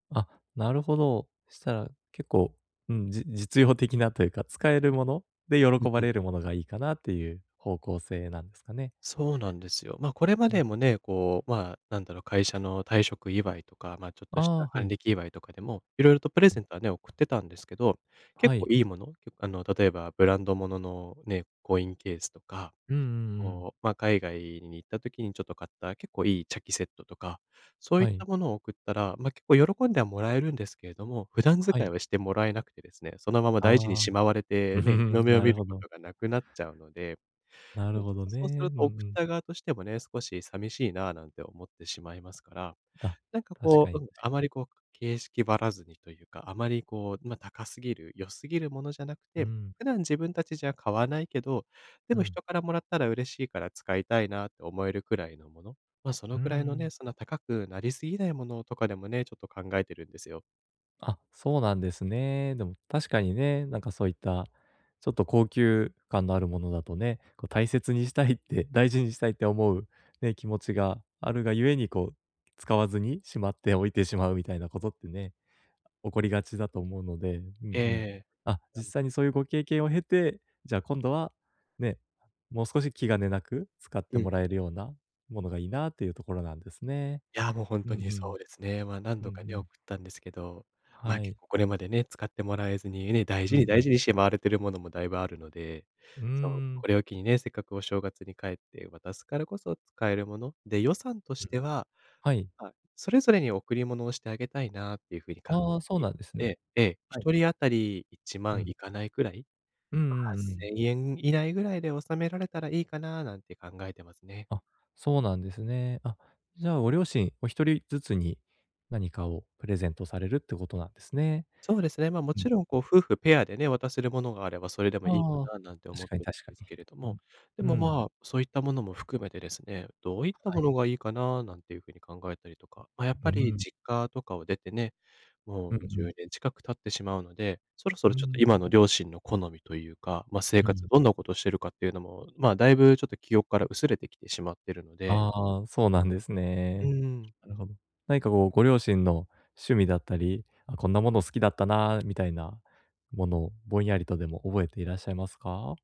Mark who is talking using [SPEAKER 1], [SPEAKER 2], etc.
[SPEAKER 1] あ、なるほど。したら、結構、うん、じ実用的なと言うか、使える物で
[SPEAKER 2] うん
[SPEAKER 1] 喜
[SPEAKER 2] う
[SPEAKER 1] ば
[SPEAKER 2] ん。
[SPEAKER 1] れる物がいいかなっていう方向性なんですかね。
[SPEAKER 2] そうなんですよ。ま、これま
[SPEAKER 1] うん。
[SPEAKER 2] でもね、こう、まあ、何だろ、会社の退職祝いとか、ま、ちょっとし
[SPEAKER 1] あ
[SPEAKER 2] た
[SPEAKER 1] あ、は
[SPEAKER 2] 還
[SPEAKER 1] い。
[SPEAKER 2] 暦祝いとかでも、色々とプレ
[SPEAKER 1] う
[SPEAKER 2] ゼ
[SPEAKER 1] ん。
[SPEAKER 2] ントはね、送ってたんですけど、結
[SPEAKER 1] は
[SPEAKER 2] 構
[SPEAKER 1] い。
[SPEAKER 2] 良い物？けあの、例えばブランド物のね、コインケースとか、
[SPEAKER 1] うんうんうん。
[SPEAKER 2] こう、ま、海外に行った時に、ちょっと買った結構良い茶器セットとか、そうい
[SPEAKER 1] は
[SPEAKER 2] っ
[SPEAKER 1] い。
[SPEAKER 2] た物を送ったら、ま、結構喜んでは貰えるんですけれども、普段使
[SPEAKER 1] は
[SPEAKER 2] い
[SPEAKER 1] い。
[SPEAKER 2] はして貰えなくてですね、そのまま大事に
[SPEAKER 1] ああ。
[SPEAKER 2] しまわれてね、日の 目を
[SPEAKER 1] な
[SPEAKER 2] 見
[SPEAKER 1] るほ
[SPEAKER 2] る
[SPEAKER 1] ど。
[SPEAKER 2] 事がなくなっちゃうので。
[SPEAKER 1] な
[SPEAKER 2] そ
[SPEAKER 1] る
[SPEAKER 2] れち
[SPEAKER 1] ほ
[SPEAKER 2] ょっ
[SPEAKER 1] ど
[SPEAKER 2] と、そうする
[SPEAKER 1] ね、うんう
[SPEAKER 2] と送っ
[SPEAKER 1] ん。
[SPEAKER 2] た側としてもね、「少し寂しいな」なんて思ってしまいますから、
[SPEAKER 1] あ、
[SPEAKER 2] なんか、
[SPEAKER 1] 確か
[SPEAKER 2] こう
[SPEAKER 1] に
[SPEAKER 2] うん、
[SPEAKER 1] 確
[SPEAKER 2] あ
[SPEAKER 1] か
[SPEAKER 2] ま
[SPEAKER 1] に。
[SPEAKER 2] り、こう、形式ばらずにと言うか、あまり、こう、ま、高過ぎる、良過ぎる物じゃなく
[SPEAKER 1] うー
[SPEAKER 2] て、
[SPEAKER 1] ん。
[SPEAKER 2] 普段自分たちじゃ買わないけど、で
[SPEAKER 1] う
[SPEAKER 2] も
[SPEAKER 1] ん。
[SPEAKER 2] 人から貰ったら嬉しいから使いたいなって思えるくらいの物？ま、そ
[SPEAKER 1] うー
[SPEAKER 2] のくらいのね、
[SPEAKER 1] ん。
[SPEAKER 2] そんな高くなり過ぎないものとかでもね、ちょっと考えてるんですよ。
[SPEAKER 1] あ、そうなんですね。でも、確かにね、なんか、そういった、ちょっと高級感のあるものだとね、こう、大切にしたいって大事にしたいって思う、ね、気持ちがあるが故に、こう、使わずにしまって置いてしまうみたいな事ってね、起こりがちだと思うので、うん
[SPEAKER 2] え
[SPEAKER 1] うん。
[SPEAKER 2] え。
[SPEAKER 1] あ、
[SPEAKER 2] や
[SPEAKER 1] 実
[SPEAKER 2] む
[SPEAKER 1] 際にそういうご経験を経て、じゃあ今度は、ね、もう少し気兼ねなく使っ
[SPEAKER 2] う
[SPEAKER 1] て
[SPEAKER 2] ん。
[SPEAKER 1] 貰えるような物がいいな、と言うところなんですね。
[SPEAKER 2] いや、もう、ほん
[SPEAKER 1] う
[SPEAKER 2] と
[SPEAKER 1] ん
[SPEAKER 2] に
[SPEAKER 1] う
[SPEAKER 2] そ
[SPEAKER 1] ん。
[SPEAKER 2] うですね。ま、何
[SPEAKER 1] うんう
[SPEAKER 2] 度かね、送
[SPEAKER 1] ん。
[SPEAKER 2] ったんですけど。ま、
[SPEAKER 1] は
[SPEAKER 2] 結
[SPEAKER 1] い。
[SPEAKER 2] 構これまでね、使ってもらえずにね、大
[SPEAKER 1] う
[SPEAKER 2] 事に
[SPEAKER 1] んう
[SPEAKER 2] 大
[SPEAKER 1] ん。
[SPEAKER 2] 事にしまわれている物もだいぶあるので。
[SPEAKER 1] うー
[SPEAKER 2] そう。
[SPEAKER 1] ん。
[SPEAKER 2] これを機にね、せっかくお正月に帰って渡すからこそ、使える物？で、予算とし
[SPEAKER 1] うん。
[SPEAKER 2] ては、
[SPEAKER 1] はい。
[SPEAKER 2] あ、それぞれに贈り物をしてあげたいなっていう風に感
[SPEAKER 1] ああ、そう
[SPEAKER 2] じ
[SPEAKER 1] なんです
[SPEAKER 2] え
[SPEAKER 1] ね。
[SPEAKER 2] え、ええ。ひ
[SPEAKER 1] はい。
[SPEAKER 2] とり当たり、いちま
[SPEAKER 1] う
[SPEAKER 2] ん
[SPEAKER 1] ん。
[SPEAKER 2] いかないぐらい、
[SPEAKER 1] うんう
[SPEAKER 2] はっ
[SPEAKER 1] んう
[SPEAKER 2] せ
[SPEAKER 1] ん。
[SPEAKER 2] んえん以内ぐらいで収められたらいいかな、なんて考えてますね。
[SPEAKER 1] あ、そうなんですね。あ、じゃあ、ご両親お一人ずつに、何かをプレゼントされるって事なんですね。
[SPEAKER 2] そうですね。ま、
[SPEAKER 1] うん
[SPEAKER 2] 勿論、
[SPEAKER 1] う
[SPEAKER 2] こう、
[SPEAKER 1] ん。
[SPEAKER 2] 夫婦ペアでね、渡せる物があればそれでもいいか
[SPEAKER 1] ああ、
[SPEAKER 2] な、なんて思
[SPEAKER 1] 確
[SPEAKER 2] っ
[SPEAKER 1] かに
[SPEAKER 2] てる
[SPEAKER 1] 確
[SPEAKER 2] ん
[SPEAKER 1] か
[SPEAKER 2] です
[SPEAKER 1] に。
[SPEAKER 2] けれど
[SPEAKER 1] う
[SPEAKER 2] も。
[SPEAKER 1] ん。
[SPEAKER 2] で
[SPEAKER 1] う
[SPEAKER 2] も、
[SPEAKER 1] ん。
[SPEAKER 2] まあ、そう言ったものも含めてですね、どう言った
[SPEAKER 1] はい。
[SPEAKER 2] 物がいいかな、なんていう風に考えたりとか。ま、やっ
[SPEAKER 1] う
[SPEAKER 2] ぱ
[SPEAKER 1] ー
[SPEAKER 2] り
[SPEAKER 1] ん。
[SPEAKER 2] 実家とかを出てね、も
[SPEAKER 1] うん
[SPEAKER 2] う
[SPEAKER 1] う
[SPEAKER 2] じゅ
[SPEAKER 1] ん。
[SPEAKER 2] うねん近く経ってしまうので、そろそ
[SPEAKER 1] うー
[SPEAKER 2] ろ、ちょっと
[SPEAKER 1] ん、う
[SPEAKER 2] 今
[SPEAKER 1] ん。
[SPEAKER 2] の両親の好みと言うか、ま、生
[SPEAKER 1] う
[SPEAKER 2] 活
[SPEAKER 1] ん。
[SPEAKER 2] どんな事してるかっていうのも、まあ、だいぶ、ちょっと記憶から薄れてきてしまってるので
[SPEAKER 1] ああ、そうなんです
[SPEAKER 2] う
[SPEAKER 1] ね。
[SPEAKER 2] ーん。
[SPEAKER 1] なるほど。何か、こう、ご両親の趣味だったり、「あ、こんな物好きだったな」みたいな物をぼんやりとでも覚えていらっしゃいますか？